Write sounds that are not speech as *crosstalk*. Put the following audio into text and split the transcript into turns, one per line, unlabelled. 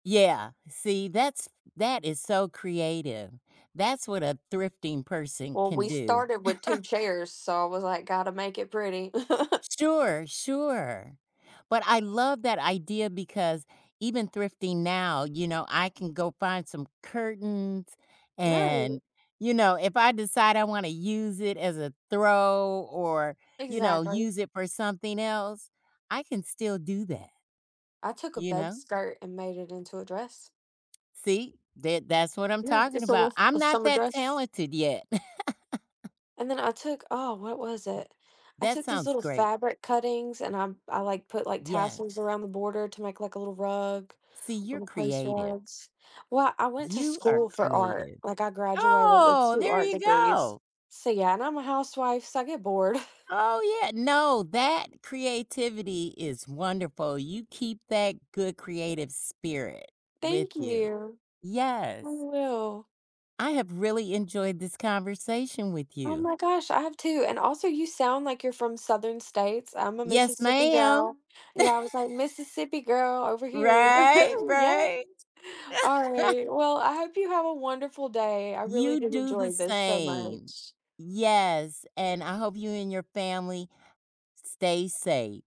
Yeah, see, that's that is so creative. That's what a thrifting person
Well,
can
we
do.
started with 2
*laughs*
chairs, so I was like, "Gotta make it pretty." *chuckles*
Sure, sure, but I love that idea because even thrifting now, you know, I can go find some curtains,
Right.
and, you know, if I decide I wanna use it as a throw, or, you know,
Exactly.
use it for something else, I can still do that,
I took a
you
bed
know?
skirt and made it into a dress.
See, that that's what I'm
Yeah,
talking
just a
about.
little
I'm
a
not
summer
that
dress.
talented yet. *laughs*
And then I took Oh, what was it? I
That
took these
sounds
little
great.
fabric cuttings and I'm I, like, put, like,
Yes.
tassels around the border to make, like, a little rug,
See, you're
little place
creative.
rugs. Well, I went to
You are
school for art,
creative.
like, I graduated with
Oh,
2
there
art
you
degrees,
go.
so yeah, and I'm a housewife, so I get bored.
Oh yeah. No, that creativity is wonderful, you keep that good creative spirit with
Thank
you.
you. I
Yes.
will.
I have really enjoyed this conversation with
Oh
you.
my gosh, I have too, and also you sound like you're from Southern states, I'm a
Yes,
Mississippi
ma'am.
gal.
*laughs*
Yeah, I was like, "Mississippi girl over here."
Right,
*laughs* Yes.
right. *laughs*
Alright. Well, I hope you have a wonderful day. I really
You
did
do the
enjoy this so
same.
much.
Yes, and I hope you and your family stay safe.